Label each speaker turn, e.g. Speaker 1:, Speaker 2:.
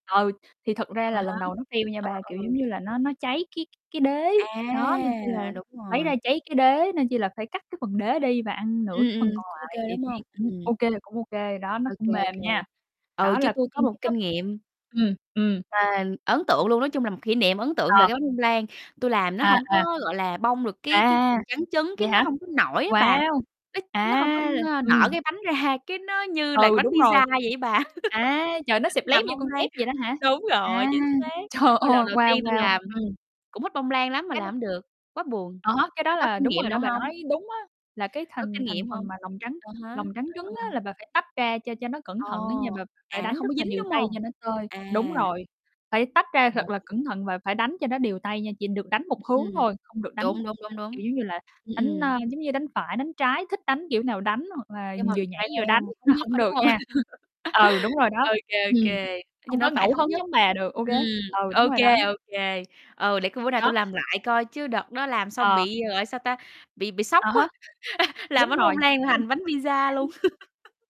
Speaker 1: Ừ, thì thật ra
Speaker 2: À
Speaker 1: là
Speaker 2: há.
Speaker 1: lần đầu nó tiêu nha
Speaker 2: Ờ,
Speaker 1: ba, kiểu giống
Speaker 2: ừ.
Speaker 1: như là, nó nó cháy cái cái đế. Đó, nên chỉ là
Speaker 2: À, đúng
Speaker 1: lấy
Speaker 2: rồi.
Speaker 1: ra cháy cái đế, nên chỉ là phải cắt cái phần đế đi và ăn nửa
Speaker 2: Ừm,
Speaker 1: cái
Speaker 2: ừm,
Speaker 1: phần còn
Speaker 2: cũng ô kê,
Speaker 1: lại thì
Speaker 2: đúng
Speaker 1: thấy
Speaker 2: hông?
Speaker 1: cũng
Speaker 2: Ừm.
Speaker 1: ô kê cũng ô kê, đó, nó
Speaker 2: Ô
Speaker 1: cũng
Speaker 2: kê, ô
Speaker 1: mềm
Speaker 2: kê.
Speaker 1: nha.
Speaker 2: Ừ,
Speaker 1: Đó,
Speaker 2: chứ
Speaker 1: là
Speaker 2: tui có một
Speaker 1: [unintelligible] thấp
Speaker 2: kinh nghiệm
Speaker 1: ừm, ừm.
Speaker 2: mà ấn tượng luôn, nói chung là một kỷ niệm ấn tượng về
Speaker 1: Ờ.
Speaker 2: cái bánh bông lan, tui làm nó
Speaker 1: À,
Speaker 2: hổng
Speaker 1: à.
Speaker 2: có, gọi là, bong được cái cái
Speaker 1: À.
Speaker 2: lòng trắng trứng cái
Speaker 1: Vậy
Speaker 2: nó
Speaker 1: hả?
Speaker 2: hông có nổi á bà,
Speaker 1: Wow!
Speaker 2: nó nó hông có,
Speaker 1: A!
Speaker 2: ơ, nở
Speaker 1: Ừm.
Speaker 2: cái bánh ra, cái nó như là cái
Speaker 1: Ừ,
Speaker 2: bánh
Speaker 1: đúng rồi.
Speaker 2: pizza vậy á bà.
Speaker 1: À, trời, nó xẹp lép
Speaker 2: Làm
Speaker 1: như
Speaker 2: bông
Speaker 1: con
Speaker 2: lan
Speaker 1: tép vậy đó hả?
Speaker 2: đúng rồi,
Speaker 1: À!
Speaker 2: chính xác,
Speaker 1: Trời
Speaker 2: ơ, lần
Speaker 1: ơi,
Speaker 2: đầu
Speaker 1: wow,
Speaker 2: tiên tui
Speaker 1: wow.
Speaker 2: làm,
Speaker 1: Ừm.
Speaker 2: cũng thích bông lan lắm mà
Speaker 1: Cái mà
Speaker 2: làm hông được, quá buồn.
Speaker 1: Đó, cái
Speaker 2: Bà
Speaker 1: đó
Speaker 2: có
Speaker 1: là
Speaker 2: kinh
Speaker 1: đúng
Speaker 2: nghiệm
Speaker 1: rồi đó,
Speaker 2: nào
Speaker 1: bà
Speaker 2: hông?
Speaker 1: nói đúng á, là cái
Speaker 2: Có
Speaker 1: thành
Speaker 2: kinh
Speaker 1: thành
Speaker 2: nghiệm
Speaker 1: phần
Speaker 2: hông?
Speaker 1: mà lòng trắng
Speaker 2: À há.
Speaker 1: lòng trắng
Speaker 2: Ờ,
Speaker 1: trứng
Speaker 2: ờ.
Speaker 1: á là bà phải tách ra cho cho nó cẩn
Speaker 2: Ờ.
Speaker 1: thận á nha, bà phải
Speaker 2: À, nó
Speaker 1: đánh
Speaker 2: không
Speaker 1: rất
Speaker 2: có
Speaker 1: là
Speaker 2: dính,
Speaker 1: đều
Speaker 2: đúng
Speaker 1: tay
Speaker 2: hông?
Speaker 1: cho nó tơi đúng
Speaker 2: À.
Speaker 1: rồi, phải tách ra thật
Speaker 2: [unintelligible]
Speaker 1: là cẩn thận và phải đánh cho nó đều tay nha, chỉ được đánh một hướng
Speaker 2: Ừm.
Speaker 1: thôi, không được đánh
Speaker 2: Đúng, đúng,
Speaker 1: nó,
Speaker 2: đúng, đúng.
Speaker 1: kiểu giống như là,
Speaker 2: Ừm,
Speaker 1: đánh,
Speaker 2: ừm.
Speaker 1: ơ, giống như, đánh phải, đánh trái, thích đánh kiểu nào đánh, hoặc là
Speaker 2: Nhưng mà
Speaker 1: vừa nhảy
Speaker 2: phải
Speaker 1: vừa đánh
Speaker 2: theo thống
Speaker 1: là
Speaker 2: nhất,
Speaker 1: hông
Speaker 2: có đúng
Speaker 1: được
Speaker 2: hông?
Speaker 1: nha. Ừ, đúng rồi đó,
Speaker 2: Ô kê, ô
Speaker 1: ừm.
Speaker 2: kê. Nhìn
Speaker 1: Không có
Speaker 2: nó phải
Speaker 1: ngẫu
Speaker 2: thống
Speaker 1: hứng
Speaker 2: nhất,
Speaker 1: giống bà được, ô kê
Speaker 2: ừm,
Speaker 1: ừ,
Speaker 2: ô
Speaker 1: đúng rồi đó.
Speaker 2: kê, ô kê, ừ, để coi bữa nào
Speaker 1: Đó
Speaker 2: tui làm lại coi chứ đợt đó làm xong
Speaker 1: Ờ.
Speaker 2: bị gọi, sao ta, bị bị sốc
Speaker 1: Ờ há.
Speaker 2: quá, làm
Speaker 1: Đúng
Speaker 2: bánh
Speaker 1: rồi.
Speaker 2: bông lan
Speaker 1: Với
Speaker 2: thành bánh pizza luôn.
Speaker 1: [unintelligible]